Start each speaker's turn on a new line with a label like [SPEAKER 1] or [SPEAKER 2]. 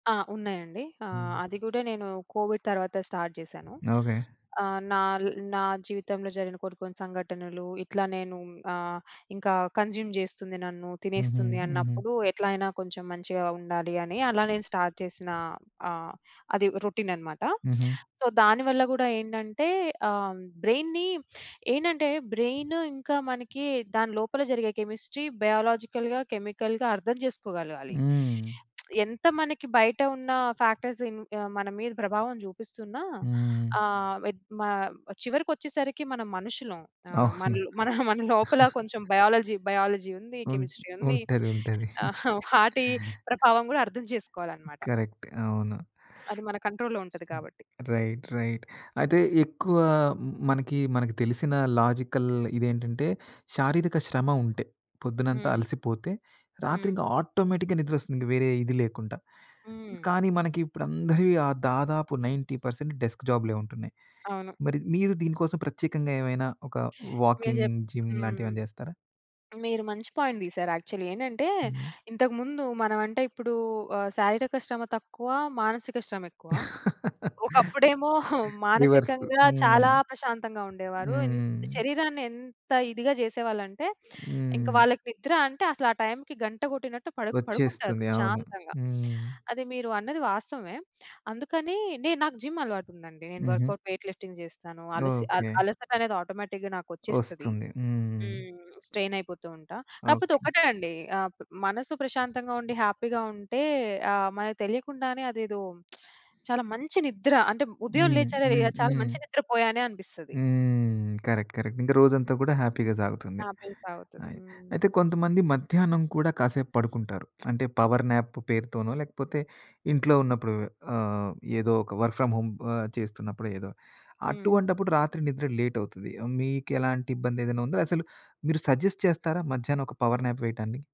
[SPEAKER 1] ఆ! ఉన్నాయండి. ఆహ్,
[SPEAKER 2] హ్మ్.
[SPEAKER 1] అది గూడా నేను కోవిడ్ తర్వాత స్టార్ట్ జేశాను.
[SPEAKER 2] ఓకే.
[SPEAKER 1] ఆహ్, నాల్ నా జీవితంలో జరిగిన కొన్ని కొన్ని సంఘటనలు ఇట్లా నేను ఆహ్, ఇంకా కన్జ్యూమ్ జేస్తుంది నన్ను,
[SPEAKER 2] హుహు.
[SPEAKER 1] తినేస్తుంది
[SPEAKER 2] హుహు.
[SPEAKER 1] అన్నప్పుడు ఎట్లైనా కొంచెం మంచిగా ఉండాలి అని, అలా నేను స్టార్ట్ చేసిన ఆహ్, అది రొటీన్ అనమాట.
[SPEAKER 2] హుహు.
[SPEAKER 1] సో, దానివల్ల గూడా ఏంటంటే ఆహ్, బ్రెయిన్‌ని ఏంటంటే బ్రెయిన్ ఇంకా మనకి దాని లోపల జరిగే కెమిస్ట్రీ, బయోలాజికల్‌గా, కెమికల్‌గా అర్థం చేసుకోగలగాలి.
[SPEAKER 2] హ్మ్.
[SPEAKER 1] ఎంత మనకి బయట ఉన్న ఫ్యాక్టర్స్ ఆహ్, మన మీద ప్రభావం చూపిస్తున్నా
[SPEAKER 2] హ్మ్.
[SPEAKER 1] ఆహ్, మ చివరికొచ్చేసరికి మనం మనుషులుం. ఆహ్,
[SPEAKER 2] అవును.
[SPEAKER 1] మనలో మన లోపల కొంచెం బయాలజీ, బయాలజీ ఉంది,
[SPEAKER 2] ఉన్
[SPEAKER 1] కెమిస్ట్రీ ఉంది.
[SPEAKER 2] ఉంటది, ఉంటది.
[SPEAKER 1] వాటి ప్రభావం గూడా అర్థం చేసుకోవాలనమాట.
[SPEAKER 2] కరెక్ట్. అవును.
[SPEAKER 1] అది మన కంట్రోల్‌లో ఉంటది
[SPEAKER 2] హ్మ్.
[SPEAKER 1] కాబట్టి.
[SPEAKER 2] Right, right. అయితే ఎక్కువా మనకి మనకి తెలిసిన లాజికల్ ఇదేంటంటే, శారీరక శ్రమ ఉంటే పొద్దునంతా
[SPEAKER 1] హ్మ్.
[SPEAKER 2] అలసిపోతే రాత్రి
[SPEAKER 1] హ్మ్.
[SPEAKER 2] ఇంక ఆటోమేటిక్‌గా నిద్రొస్తుంది, ఇంక వేరే ఇది లేకుంట.
[SPEAKER 1] హ్మ్.
[SPEAKER 2] కానీ, మనకి ఇప్పుడు అందరివి దాదాపు 90% డెస్క్ జాబ్‌లే ఉంటున్నాయి.
[SPEAKER 1] అవును.
[SPEAKER 2] మరి మీరు దీనికోసం ప్రత్యేకంగా ఏవైనా ఒక
[SPEAKER 1] మీరు
[SPEAKER 2] వాకింగ్,
[SPEAKER 1] జెప్
[SPEAKER 2] జిమ్
[SPEAKER 1] హ్మ్.
[SPEAKER 2] లాంటివేమైనా జేస్తారా?
[SPEAKER 1] మీరు మంచి పాయింట్ తీసారు. యాక్చువల్లీ ఏంటంటే,
[SPEAKER 2] హ్మ్.
[SPEAKER 1] ఇంతకుముందు మనం అంటే ఇప్పుడూ ఆహ్, శారీరక శ్రమ తక్కువ, మానసిక శ్రమెక్కువ. ఒకప్పుడేమో
[SPEAKER 2] రివర్స్.
[SPEAKER 1] మానసికంగా
[SPEAKER 2] హ్మ్.
[SPEAKER 1] చాలా ప్రశాంతంగా ఉండేవారు. ఎ
[SPEAKER 2] హ్మ్.
[SPEAKER 1] శరీరాన్ని ఎంత ఇదిగా చేసేవాళ్ళంటే, ఇంక
[SPEAKER 2] హ్మ్.
[SPEAKER 1] వాళ్ళకి నిద్ర అంటే అసలు ఆ టైమ్‌కి గంట గొట్టినట్టు పడు పడుకుంటారు
[SPEAKER 2] ఒచ్చేస్తుంది. అవును.
[SPEAKER 1] ప్రశాంతంగా.
[SPEAKER 2] హ్మ్.
[SPEAKER 1] అది మీరు అన్నది వాస్తవమే. అందుకని నేను నాకు జిమ్ అలవాటుందండి. నేను
[SPEAKER 2] హుహు.
[SPEAKER 1] వర్కౌట్, వెయిట్ లిఫ్టింగ్ జేస్తాను. అలసి అల
[SPEAKER 2] ఓకే.
[SPEAKER 1] అలసటనేది ఆటోమేటిక్‌గా నాకొచ్చేస్తది.
[SPEAKER 2] ఒస్తుంది. హ్మ్.
[SPEAKER 1] హ్మ్. స్ట్రెయిన్ అయిపోతూ ఉంటా. కాపోతే
[SPEAKER 2] ఓకే.
[SPEAKER 1] ఒక్కటే అండి ఆహ్, మనసు ప్రశాంతంగా ఉండి హ్యాపీగా ఉంటే ఆహ్, మనకు తెలియకుండానే అదేదో చాలా మంచి నిద్ర అంటే ఉదయం
[SPEAKER 2] హ్మ్.
[SPEAKER 1] లేచానే
[SPEAKER 2] హ్మ్.
[SPEAKER 1] చాలా
[SPEAKER 2] హ్మ్.
[SPEAKER 1] మంచి నిద్ర పోయానే అనిపిస్తది.
[SPEAKER 2] హ్మ్. Correct, correct. ఇంక రోజంతా గూడా హ్యాపీగా సాగుతుంది.
[SPEAKER 1] హ్యాపీగా సాగుతది.
[SPEAKER 2] అయి
[SPEAKER 1] హ్మ్.
[SPEAKER 2] అయితే కొంతమంది మధ్యాహ్నం కూడా కాసేపు పడుకుంటారు. అంటే పవర్ న్యాప్ పేరుతోనో, లేకపోతే ఇంట్లో ఉన్నప్పుడు ఆహ్, ఏదో ఒక వర్క్ ఫ్రం హోమ్ ఆహ్, చేస్తున్నప్పుడు ఏదో
[SPEAKER 1] హ్మ్.
[SPEAKER 2] అటువంటప్పుడు రాత్రి నిద్ర లేట్ అవుతది. మీకెలాంటి ఇబ్బంది ఏదైనా ఉందా? అసలు మీరు సజెస్ట్ చేస్తారా మధ్యాహ్నం ఒక పవర్ న్యాప్ వేయటాన్ని?